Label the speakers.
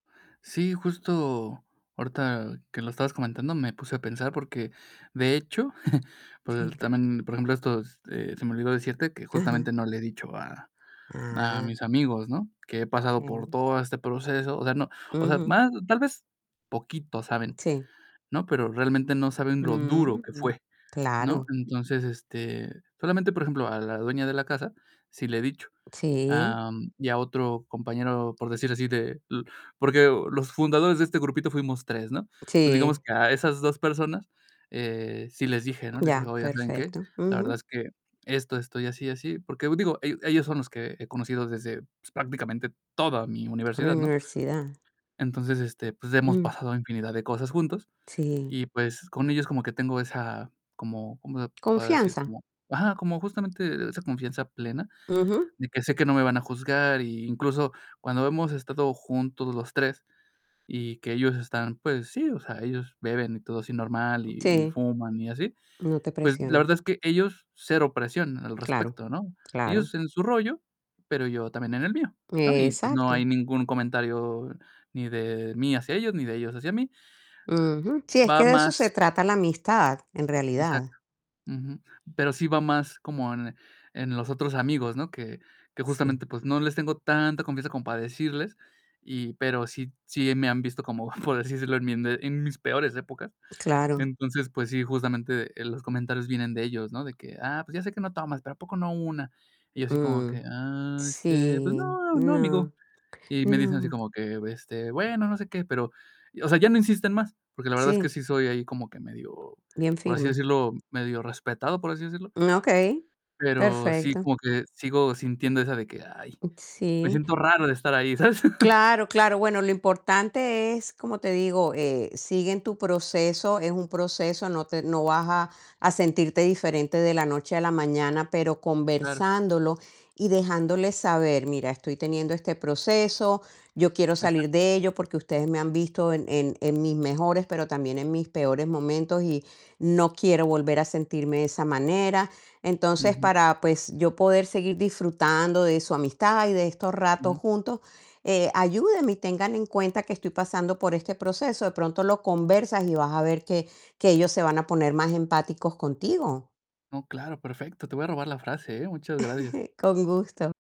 Speaker 1: Sí, justo ahorita que lo estabas comentando me puse a pensar, porque de hecho, pues
Speaker 2: Sí.
Speaker 1: también, por ejemplo, estos, eh, se me olvidó decirte que
Speaker 2: Ajá.
Speaker 1: justamente no le he dicho a a
Speaker 2: Ah.
Speaker 1: mis amigos, ¿no? Que he pasado por
Speaker 2: Okey.
Speaker 1: todo este proceso. O sea, no, o sea,
Speaker 2: Ujú.
Speaker 1: más tal vez poquito saben,
Speaker 2: Sí.
Speaker 1: ¿no? Pero realmente, no saben lo duro
Speaker 2: Mm.
Speaker 1: que
Speaker 2: Ujú,
Speaker 1: fue, ¿no?
Speaker 2: claro.
Speaker 1: Entonces, este, solamente, por ejemplo, a la dueña de la casa sí le he dicho,
Speaker 2: Sí.
Speaker 1: am, y a otro compañero, por decir así de l porque los fundadores de este grupito fuimos 3 ¿no? Entonces, digamos
Speaker 2: Sí.
Speaker 1: que a esas 2 personas, eh, sí les dije, ¿no? Les dije:
Speaker 2: Ya,
Speaker 1: "Oye, ¿saben qué?
Speaker 2: perfecto,
Speaker 1: La verdad
Speaker 2: ujú.
Speaker 1: es que esto, esto, y así, y así". Porque digo, el ellos son los que he conocido desde, pues, prácticamente toda mi
Speaker 2: ¿Toda la
Speaker 1: universidad, ¿no?
Speaker 2: universidad?
Speaker 1: Entonces, este, pues, hemos
Speaker 2: Ujú.
Speaker 1: pasado infinidad de cosas juntos
Speaker 2: Sí.
Speaker 1: y pues, con ellos como que tengo esa, como, ¿cómo se podrá decir?
Speaker 2: ¿Confianza?
Speaker 1: Como ajá, como justamente esa confianza plena,
Speaker 2: Ujú.
Speaker 1: de que sé que no me van a juzgar. Y incluso cuando hemos estado juntos los 3 y que ellos están, pues sí, o sea, ellos beben y todo así normal y y
Speaker 2: Sí.
Speaker 1: fuman y así,
Speaker 2: No te
Speaker 1: pues, la
Speaker 2: presionan
Speaker 1: verdad es que ellos cero presión al
Speaker 2: Claro,
Speaker 1: respecto, ¿no?
Speaker 2: claro.
Speaker 1: Ellos en su rollo, pero yo también en el mío, ¿no? Y pues, no
Speaker 2: Exacto.
Speaker 1: hay ningún comentario, ni de mí hacia ellos ni de ellos hacia mí.
Speaker 2: Ujú Sí, es
Speaker 1: Va
Speaker 2: que de eso se
Speaker 1: más
Speaker 2: trata la amistad, en
Speaker 1: Exacto,
Speaker 2: realidad.
Speaker 1: ujú, pero sí va más como en en los otros amigos, ¿no? Que que
Speaker 2: Sí.
Speaker 1: justamente, pues, no les tengo tanta confianza como para decirles, y pero sí sí me han visto como, por decírselo, en mi ende en mis peores épocas.
Speaker 2: Claro.
Speaker 1: Entonces, pues sí, justamente, eh, los comentarios vienen de ellos, ¿no? De que: "Ah, pues ya sé que no tomas, pero a poco no una". Y yo así como que:
Speaker 2: Ujú
Speaker 1: "Ah, este, pues
Speaker 2: Sí.
Speaker 1: no, no,
Speaker 2: No,
Speaker 1: amigo". Y me dicen así
Speaker 2: no.
Speaker 1: como que: "Este, bueno, no sé qué", pero, o sea, ya no insisten más, porque la verdad es que
Speaker 2: Sí.
Speaker 1: sí soy ahí como que medio,
Speaker 2: Bien
Speaker 1: por así
Speaker 2: firme
Speaker 1: decirlo, medio respetado, por así decirlo.
Speaker 2: Ah, okey,
Speaker 1: Pero sí,
Speaker 2: perfecto.
Speaker 1: como que sigo sintiendo esa de que: "Ay", me
Speaker 2: Sí.
Speaker 1: siento raro de estar ahí, ¿sabes?
Speaker 2: Claro, claro. Bueno, lo importante es, como te digo, eh, sigue en tu proceso, es un proceso, no te no vas a a sentirte diferente de la noche a la mañana, pero
Speaker 1: Claro.
Speaker 2: conversándolo y dejándoles saber: "Mira, estoy teniendo este proceso, yo quiero
Speaker 1: Exacto.
Speaker 2: salir de ello, porque ustedes me han visto en en en mis mejores, pero también en mis peores momentos y no quiero volver a sentirme de esa manera. Entonces,
Speaker 1: Ujú.
Speaker 2: para, pues, yo poder seguir disfrutando de su amistad y de estos ratos
Speaker 1: Ujú.
Speaker 2: juntos, eh, ayúdenme y tengan en cuenta que estoy pasando por este proceso". De pronto lo conversas y vas a ver que que ellos se van a poner más empáticos contigo.
Speaker 1: No, claro, perfecto. Te voy a robar la frase, eh, muchas gracias.
Speaker 2: Con gusto.